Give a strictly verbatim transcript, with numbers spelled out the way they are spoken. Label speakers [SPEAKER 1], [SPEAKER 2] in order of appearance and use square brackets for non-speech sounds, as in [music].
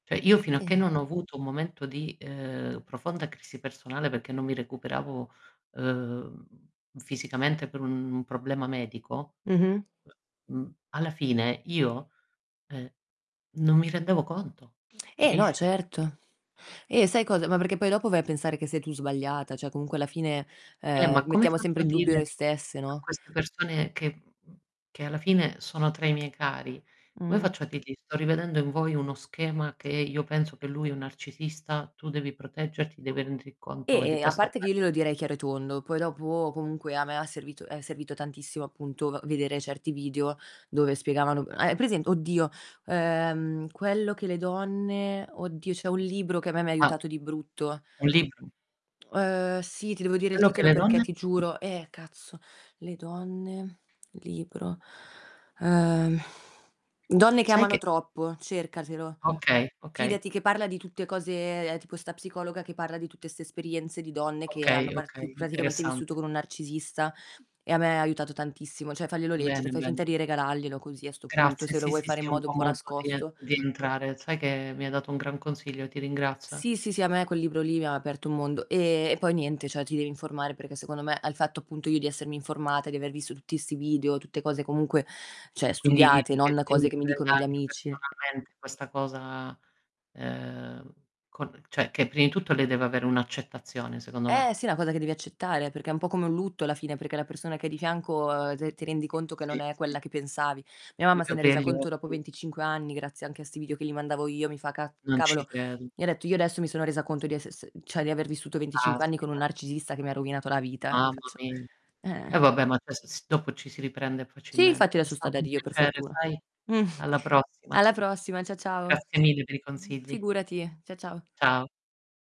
[SPEAKER 1] ceh, io fino
[SPEAKER 2] E,
[SPEAKER 1] a che
[SPEAKER 2] e
[SPEAKER 1] non ho avuto un momento di, uhm, profonda crisi personale peché non mi recuperavo, uhm, fisicamente per un problema medico,
[SPEAKER 2] Mh-mh.
[SPEAKER 1] mhmm, alla fine io, ehm, non mi rendevo conto,
[SPEAKER 2] Eh, no
[SPEAKER 1] capisci?
[SPEAKER 2] certo. Eh, sai cosa? Ma perché poi dopo vai a pensare che sei tu sbagliata, cioè, comunque alla fine,
[SPEAKER 1] Eh,
[SPEAKER 2] uhm,
[SPEAKER 1] ma come
[SPEAKER 2] mettiamo sempre
[SPEAKER 1] faccio a
[SPEAKER 2] in dubbio
[SPEAKER 1] dire
[SPEAKER 2] noi stesse,
[SPEAKER 1] a
[SPEAKER 2] no?
[SPEAKER 1] queste persone che mhmm, che, alla fine sono tra i miei cari? Come
[SPEAKER 2] Mh-mh.
[SPEAKER 1] faccio a dirgli: "Sto rivedendo in voi uno schema che io
[SPEAKER 2] E
[SPEAKER 1] penso
[SPEAKER 2] e,
[SPEAKER 1] che
[SPEAKER 2] è
[SPEAKER 1] lui è un narcisista, tu devi proteggerti, devi renderti conto di
[SPEAKER 2] E e, a
[SPEAKER 1] questo, o que"
[SPEAKER 2] parte che io glielo direi chiaro e tondo, poi dopo comunque a me ha servito è servito tantissimo appunto v vedere certi video dove spiegavano hai present oddio, uhm, "Quello che le donne" oddio c'è un libro che a me mi
[SPEAKER 1] Ma
[SPEAKER 2] aiutato di brutto.
[SPEAKER 1] Un libro.
[SPEAKER 2] Uhm, sì, ti devo dire il
[SPEAKER 1] Quello che
[SPEAKER 2] titolo
[SPEAKER 1] le
[SPEAKER 2] perché
[SPEAKER 1] donne?
[SPEAKER 2] ti giuro eh cazzo. Le donne libro Uhm, [exhales] "Donne che
[SPEAKER 1] Sai
[SPEAKER 2] amano
[SPEAKER 1] che
[SPEAKER 2] troppo" cercatelo.
[SPEAKER 1] Okay, okay.
[SPEAKER 2] Fidati che parla di tutte cose tipo 'sta psicologa che parla di tutte 'ste esperienze di donne che hanno
[SPEAKER 1] Okay,
[SPEAKER 2] parti
[SPEAKER 1] okay,
[SPEAKER 2] praticamente vissuto
[SPEAKER 1] interessante.
[SPEAKER 2] con un narcisista, e a me ha aiutato tantissimo, ceh farglielo leggere,
[SPEAKER 1] Bene,
[SPEAKER 2] fai
[SPEAKER 1] bene.
[SPEAKER 2] finta di regalaglielo così a 'sto punto,
[SPEAKER 1] Grazie,
[SPEAKER 2] se lo
[SPEAKER 1] sì,
[SPEAKER 2] vuoi
[SPEAKER 1] sì,
[SPEAKER 2] fare
[SPEAKER 1] sì,
[SPEAKER 2] in
[SPEAKER 1] è un
[SPEAKER 2] modo un
[SPEAKER 1] buon
[SPEAKER 2] po'
[SPEAKER 1] modo di
[SPEAKER 2] nascosto.
[SPEAKER 1] di entrare sai che mi hai dato un gran consiglio, ti ringrazio,
[SPEAKER 2] Sì,
[SPEAKER 1] eh.
[SPEAKER 2] sì, sì, a me quel libro lì mi ha aperto un mondo e e poi niente cioè ti devi informare perché, secondo me, al fatto appunto io di essermi informata, di aver visto tutti 'sti video, tutte cose comunque ceh,
[SPEAKER 1] Quindi,
[SPEAKER 2] studiate,
[SPEAKER 1] dici che
[SPEAKER 2] non
[SPEAKER 1] lei
[SPEAKER 2] cose
[SPEAKER 1] mi
[SPEAKER 2] che mi dicono
[SPEAKER 1] prenda
[SPEAKER 2] gli
[SPEAKER 1] anche
[SPEAKER 2] amici.
[SPEAKER 1] personalmente questa cosa, uhm, con ceh, che prim di tutto lei deve avere un'accettazione, secondo me.
[SPEAKER 2] Eh, sì, è una cosa che devi accettare perché è un po' come un lutto, alla fine, perché la persona che hai di fianco, uhm, t ti rendi
[SPEAKER 1] Sì,
[SPEAKER 2] conto che non
[SPEAKER 1] sì,
[SPEAKER 2] è
[SPEAKER 1] sì.
[SPEAKER 2] quella che pensavi. Mia
[SPEAKER 1] Deve
[SPEAKER 2] mamma se n'è resa
[SPEAKER 1] aprire gli
[SPEAKER 2] conto dopo
[SPEAKER 1] occhi.
[SPEAKER 2] venticinque anni grazie anche a 'sti video che li mandavo io mi fa: "Caz
[SPEAKER 1] Non ci
[SPEAKER 2] cavolo".
[SPEAKER 1] credo.
[SPEAKER 2] Mi ha detto: "Io adesso mi sono resa conto di esse s cioè di aver vissuto venticinque anni con un
[SPEAKER 1] Caspita.
[SPEAKER 2] narcisista che mi rovinato la vita." E, io gli
[SPEAKER 1] Mamma
[SPEAKER 2] faccio:
[SPEAKER 1] mi Eh,
[SPEAKER 2] "Eh."
[SPEAKER 1] vabbè ma adesso s dopo ci si riprende
[SPEAKER 2] Sì, infatti
[SPEAKER 1] facilmente. È
[SPEAKER 2] adesso sta da
[SPEAKER 1] stato un
[SPEAKER 2] Dio per
[SPEAKER 1] piacere,
[SPEAKER 2] fortuna.
[SPEAKER 1] sai?
[SPEAKER 2] Mh.
[SPEAKER 1] Alla prossima.
[SPEAKER 2] Alla prossima cia ciao.
[SPEAKER 1] Grazie mille per i
[SPEAKER 2] Mh.
[SPEAKER 1] consigli.
[SPEAKER 2] Figurati. Cia ciao.
[SPEAKER 1] Ciao.